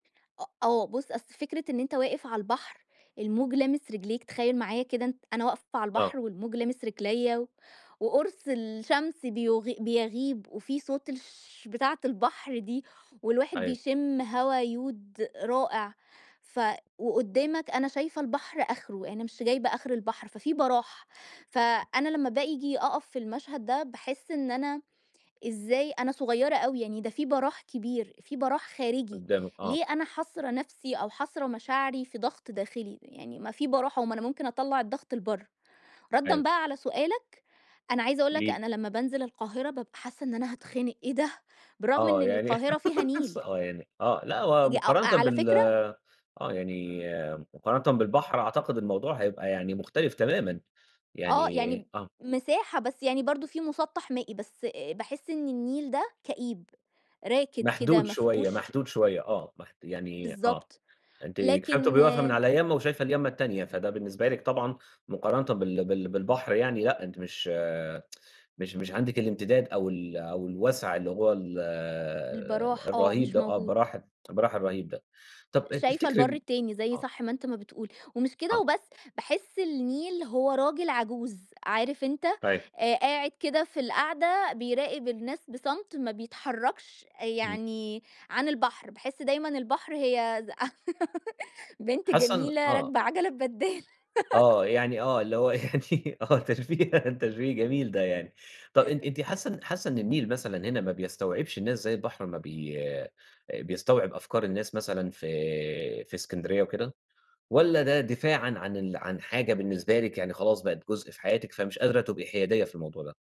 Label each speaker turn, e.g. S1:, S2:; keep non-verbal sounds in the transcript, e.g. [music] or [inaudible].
S1: أ آه بُص، أصلي فكرة إن أنت واقف عالبحر الموج لامس رجليك تخيل معايا كده أنت أنا واقفة
S2: آه.
S1: عالبحر، والموج لامس رجلَيّا وقرص الشمس بيُغ بيَغيب وفي صوت الشش بتاعة البحر دي، والواحد
S2: أيوه.
S1: بيشم هوا يود رائع ف وقدامك أنا شايفة البحر آخره يعني مش جايبة آخر البحر، ففي براح فأنا لما بآجي أقف في المشهد ده باحس إن أنا إزاي أنا صغيرة اوي يعني، ده في براح كبير في براح خارجي،
S2: قُدامِك، آه.
S1: ليه أنا حاصرة نفسي أو حاصرة مشاعري في ضغط داخلي، يعني ما في براح أهو ما أنا ممكن أطلّع الضغط لبره. ردًا
S2: أيوه.
S1: بقى على سؤالك أنا عايزة أقول
S2: قولي
S1: لك،
S2: لي.
S1: أنا لما بانزل القاهرة بابقى حاسّة إن أنا هاتخنق، أيه ده! بالرغم إن
S2: آه يعني،
S1: القاهرة فيها
S2: [laughs] بس
S1: نيل!
S2: آه يعني، آه، لأ، هو
S1: ج أ
S2: مقارنة
S1: على
S2: بال
S1: فكرة
S2: آه يعني مقارنة بالبحر أعتقد الموضوع هيبقى يعني مختلف تمامًا.
S1: آه يعني
S2: يعني
S1: ب
S2: آه.
S1: مساحة بس يعني برضه في مُسَطح مائي، بس باحس إن النيل ده كئيب، راكد كده
S2: محدود
S1: ما
S2: شوية،
S1: فيهوش
S2: محدود شوية آه، محد يعني آه،
S1: بالضبط،
S2: أنتِ كفاية
S1: لكن
S2: بتبقي واقفة من على يامّة وشايفة اليامّة التانية، فده بالنسبة لِك طبعًا مقارنةً بال بال بالبحر يعني لأ أنتِ مش، [tsk] مش مش عندك الامتداد أو ال أو الوسع اللي هو ال
S1: البراح آه،
S2: الرهيب
S1: مش
S2: ده آه،
S1: موجود.
S2: البراح البراح الرهيب. ده طب آآ
S1: شايفة البر
S2: تفتكري
S1: التاني زي
S2: آه.
S1: صح ما أنت ما بتقول، ومش كده
S2: آه.
S1: وبس باحس النيل هو راجل عجوز، عارف أنت،
S2: طيب.
S1: آآ، قاعد كده في القعدة بيراقب الناس بصمت ما بيتحركش آآ،
S2: إمم.
S1: يعني عن البحر باحس دايمًا البحر هي ز [giggles] بنت
S2: حاسَه إن
S1: جميلة
S2: آه.
S1: راكبة عجلة ببدال.
S2: آه،
S1: [laughs]
S2: يعني آه [laughs] اللي هُو يعني آه تشبيه تشبيه جميل ده يعني، طب إن أنتِ
S1: [chuckles]
S2: حاسّه حاسّه إنّ النيل مثلًا هنا ما بيستوعبش الناس زي البحر أما بي بيستوعب أفكار الناس مثلًا في في إسكندرية وكده؟ والّا ده دفاعًا عن ال عن حاجة بالنسبة لِك يعني خلاص بقِت جزء في حياتِك فمش قادرة تبقي حيادية في الموضوع ده؟